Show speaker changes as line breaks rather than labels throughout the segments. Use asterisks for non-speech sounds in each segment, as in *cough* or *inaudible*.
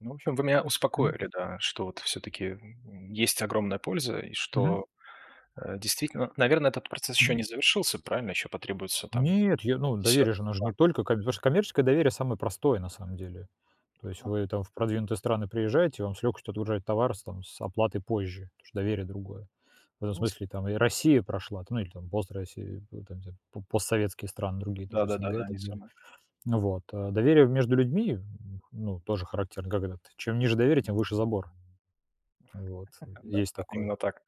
Ну, в общем, вы меня
М.
успокоили, да, что вот всё-таки, м м, есть огромная польза и
Мгм.
что, э, действительно наверно, этот процесс ещё
Мгм.
не завершился. Правильно? Ещё потребуется там
Нет, я, ну, доверие же, оно же
10-2.
не только как бы То что коммерческое доверие- самое простое на самом деле. То есть
А.
вы там в продвинутые страны приезжаете, вам с легкостью отгружают товар с там с оплатой позже, потому что доверие другое. В этом
Ну, сы
смысле там и Россия прошла, там, ну, или там пост-Россия, и там *unintelligible* по постсоветские страны другие, даже СНГ
Да-да-да,
и
да,
так
не
далее.
самый.
Ну вот. А доверие в между людьми в м, ну, тоже характерно: когда ты чем ниже доверие, тем выше забор. Вот, э,
*chuckles* Да
есть
да,
такое.
именно так.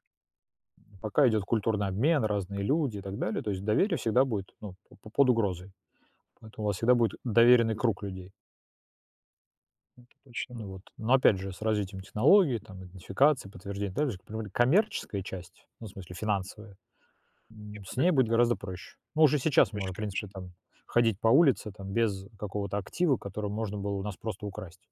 М, пока идёт культурный обмен, разные люди и так далее, то есть доверие всегда будет, ну, по по под угрозой, поэтому у вас всегда будет доверенный круг людей.
Это точно. Да.
Ну вот, ну опять же, с развитием технологии, там, идентификации, подтверждения, также по поводу коммерческой части, ну, в смысле финансовой, м, с ней будет
*unintelligible*
гораздо проще. Мы уже
*unintelligible*
сейчас
Проще,
можем, в
конечно.
принципе, там ходить по улице, там, без какого-то актива, который можно было у нас просто украсть.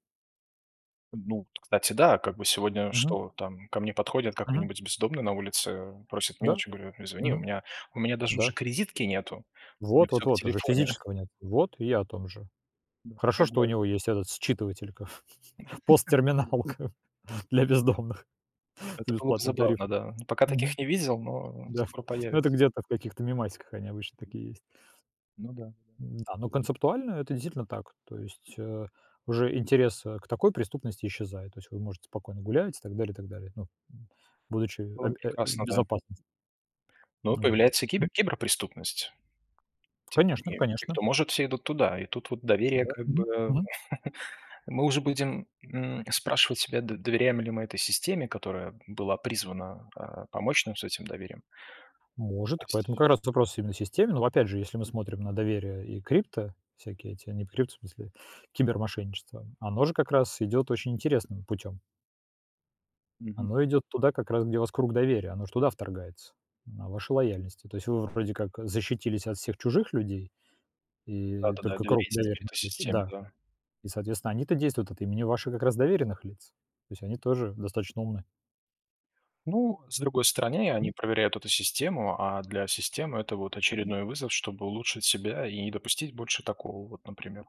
А, ну, т кстати, да. Как бы сегодня
Мгм.
что там ко мне подходят
Мгм.
какой-нибудь бездомный на улице, просит
Да,
мелочи, я говорю: "Перезвони, у
мгм.
меня у меня даже
Да.
уже кредитки нету". У меня
Вот,
всё
вот,
в
вот уже
телефоне.
физического нет, вот и о том же.
Ну,
Хорошо,
как
что у
бы
него есть этот считыватель, каф *chuckles*
*laughs*
посттерминалка для бездомных с
Это было бы
бесплатным
забавно,
тарифом.
да, ну, пока
Мгм.
таких не видел, но, эм,
Да ф
скоро
Ну, это
появится.
где-то в каких-то мемасиках они обычно такие есть.
Ну да, ну да.
Н-да, ну, концептуально это действительно так, то есть, э, уже интерес, э, к такой преступности исчезает, то есть вы можете спокойно гулять и так далее и так далее. Ну, м, будучи
Было бы
абь в
прекрасно, да.
безопасности.
Ну,
Ну вот,
появляется
м.
кибер киберпреступность. Типа
Конечно
*unintelligible* те,
конечно.
кто может, все идут туда. И тут вот доверие,
Да.
как
Мгм.
бы,
Мгм.
*chuckles* э, мы уже будем, м, спрашивать себя, д доверяем ли мы этой системе, которая была призвана, а, помочь нам с этим доверием.
Может,
То есть
поэтому как раз этот вопрос именно системный. Ну, опять же, если мы смотрим на доверие и крипто, всякие эти, не прють, в смысле, кибермошенничество, м, оно же как раз идёт очень интересным путём.
Мгм.
Оно идёт туда, как раз, где у вас круг доверия, оно же туда вторгается, на вашу лояльность. И то есть вы вроде как, э, защитились от всех чужих людей, и
Да-да-да,
только круг
доверяясь теперь
доверенных
этой
лиц, и
системе.
да,
Да.
и, соответственно, они-то действуют от имени ваших как раз доверенных лиц, то есть они тоже достаточно умны.
Ну, с другой стороны, они
М.
проверяют эту систему. А для системы это, вот,
Мгм.
очередной вызов, чтобы улучшить себя и не допустить больше такого, вот, например.